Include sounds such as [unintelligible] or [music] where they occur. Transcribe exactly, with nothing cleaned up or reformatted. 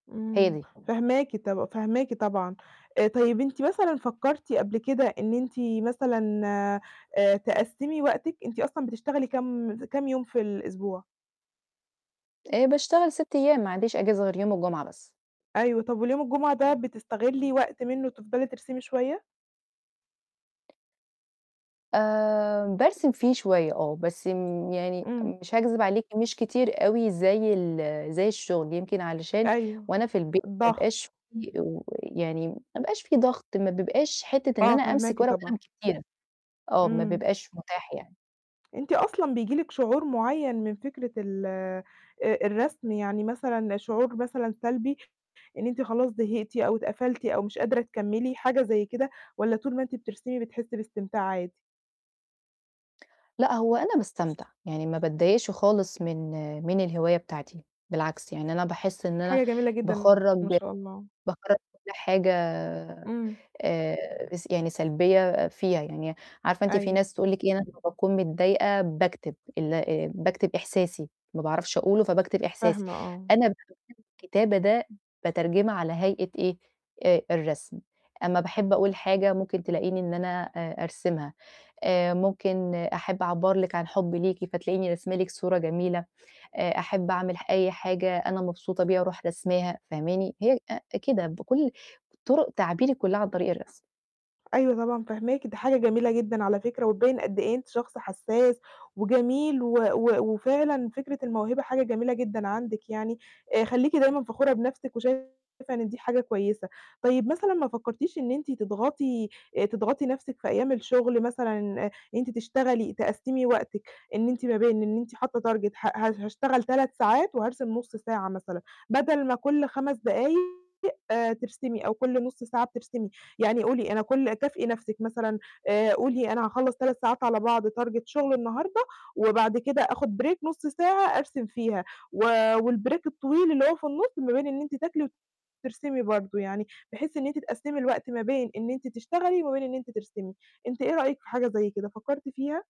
هي امم دي. فاهماكِ طب فاهماكِ طبعًا. آآ، طيب أنتِ مثلًا فكرتِ قبل كده إن أنتِ مثلًا، آآ تقسمي وقتِك؟ أنتِ أصلًا بتشتغلي كام كام يوم في الأسبوع؟ آآ باشتغل ست أيام، ما عنديش أجازة غير يوم الجمعة بس. أيوه، طب واليوم الجمعة ده بتستغِلِّي وقت منه تفضلي ترسمي شوية؟ آآ بارسم فيه شوية آه، بس امم يعني امم. مش هاكذب عليكِ، مش كتير أوي زي ال زي الشغل، يمكن علشان أيوه، وأنا في البيت ما الضغط. أبقاش في و يعني ما أبقاش في ضغط، ما بيبقاش حتة إن آه، أنا أمسك فاهماكِ ورقة وقلم طبعًا كتير. آه، ما امم. بيبقاش متاح يعني. أنتِ أصلًا بييجي لكِ شعور معيّن من فكرة ال آآ الرسم، يعني مثلًا شعور مثلًا سلبي إن أنتِ خلاص زهقتِ أو اتقفلتِ أو مش قادرة تكملي، حاجة زي كده؟ والّا طول ما أنتِ بترسمي بتحسي باستمتاع عادي؟ لأ، هو أنا باستمتع، يعني ما باتضايقش خالص من من الهواية بتاعتي، بالعكس يعني أنا باحس إن أنا حاجة جميلة جدًا، باخرّج ما شاء الله. باخرّج كُلّ حاجة امم. آآ يس يعني سلبية فيها، يعني عارفة أنتِ في أيوه. ناس تقول لكِ إيه، أنا لما باكون متضايقة باكتب، ال آآ باكتب إحساسي، ما باعرفش أقوله فباكتب إحساسي، فاهمة، آه. أنا [unintelligible] الكتابة ده باترجمها على هيئة إيه؟ آآ الرسم، أمّا باحب أقول حاجة ممكن تلأقيني إن أنا آآ أرسمها، آآ ممكن أحب أعبّر لكِ عن حبي ليكِ فتلاقيني راسمة لكِ صورة جميلة، آآ أحب أعمل أي حاجة أنا مبسوطة بيها أروح راسماها، فاهماني؟ هي آآ كده، بكُلّ طُرُق تعبيري كُلّها عن طريق الرسم. أيوه، طبعًا فاهماكِ، دي حاجة جميلة جدًا على فكرة، وتبيِّن قد إيه أنتِ شخص حساس، وجميل، و و وفعلًا فكرة الموهبة حاجة جميلة جدًا عندِك يعني، آآ خليكِ دايمًا فخورة بنفسِك وشايفة إن دي حاجة كويسة. طيب مثلًا ما فكرتيش إن أنتِ تضغطي تضغطي نفسِك في أيام الشغل مثلًا إن أنتِ تشتغلي، تقسِّمي وقتِك، إن إنتِ ما بين إن أنتِ حاطة target ه ه هاشتغل تلات ساعات وهارسم نص ساعة مثلًا، بدل ما كُلّ خمس دقايق آآ ترسمي، أو كُلّ نص ساعة بترسمي. يعني قولي أنا كل كافئي نفسِك مثلًا، آآ قولي أنا هاخلص تلات ساعات على بعض target شغل النهارده، وبعد كده آخد break نص ساعة أرسم فيها، و والbreak الطويل اللي هو في النص ما بين إن أنتِ تاكلي، وترسمي برضه يعني، بحيث إن أنتِ تقسمي الوقت ما بين إن أنتِ تشتغلي، وما بين إن أنتِ ترسمي. أنتِ إيه رأيِِك في حاجة زي كده، فكرتِ فيها؟